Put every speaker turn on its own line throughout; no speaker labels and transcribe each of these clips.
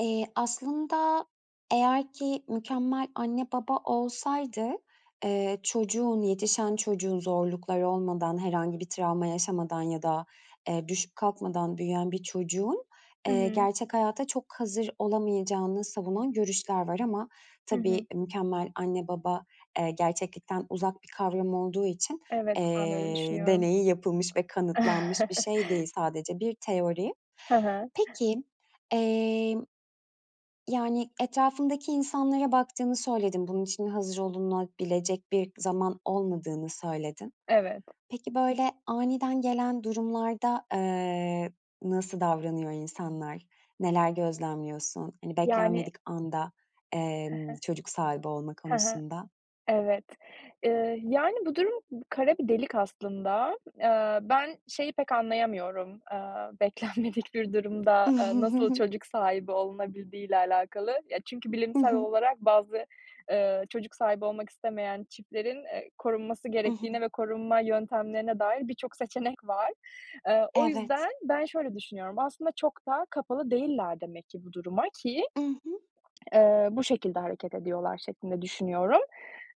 Eee, aslında eğer ki mükemmel anne baba olsaydı, eee, çocuğun, yetişen çocuğun, zorlukları olmadan, herhangi bir travma yaşamadan ya da, eee, düşüp kalkmadan büyüyen bir çocuğun,
Hı
eee,
hı.
gerçek hayata çok hazır olamayacağını savunan görüşler var ama
Hı hı.
tabii mükemmel anne baba, eee, gerçeklikten uzak bir kavram olduğu için,
Evet, ben de öyle
eee,
düşünüyorum.
deneyi yapılmış ve kanıtlanmış bir şey değil, sadece bir teori.
Hı hı.
Peki, emm, yani, etrafındaki insanlara baktığını söyledin. Bunun için hazır olunabilecek bir zaman olmadığını söyledin.
Evet.
Peki, böyle aniden gelen durumlarda, eee, nasıl davranıyor insanlar? Neler gözlemliyorsun? Hani,
Yani
beklenmedik anda,
Hı
emm,
hı.
çocuk sahibi olma
Hı hı.
konusunda?
Evet. Eee, yani, bu durum kara bir delik aslında. Eee, ben, şeyi pek anlayamıyorum, aaa, beklenmedik bir durumda, aaa, nasıl çocuk sahibi olunabildiği ile alakalı. Ya, çünkü
Hı
bilimsel
hı.
olarak bazı, eee, çocuk sahibi olmak istemeyen çiftlerin, eee, korunması
I hı.
gerektiğine ve korunma yöntemlerine dair birçok seçenek var. Eee, o
Evet.
yüzden ben şöyle düşünüyorum; aslında çok da kapalı değiller demek ki bu duruma, ki,
I hı.
eee, bu şekilde hareket ediyorlar şeklinde düşünüyorum.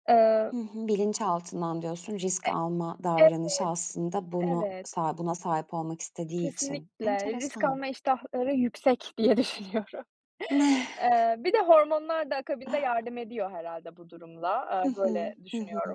Eee
Hı hı. Bilinçaltından diyorsun risk
E
alma davranışı
Evet,
aslında bunu
evet.
sa buna sahip olmak istediği için.
Kesinlikle. Risk
Enteresan.
alma iştahları yüksek diye düşünüyorum. Eee, bir de hormonlar da akabinde yardım ediyor herhâlde bu durumla,
Hı
aaa,
hı.
böyle
Hı
düşünüyorum.
hı.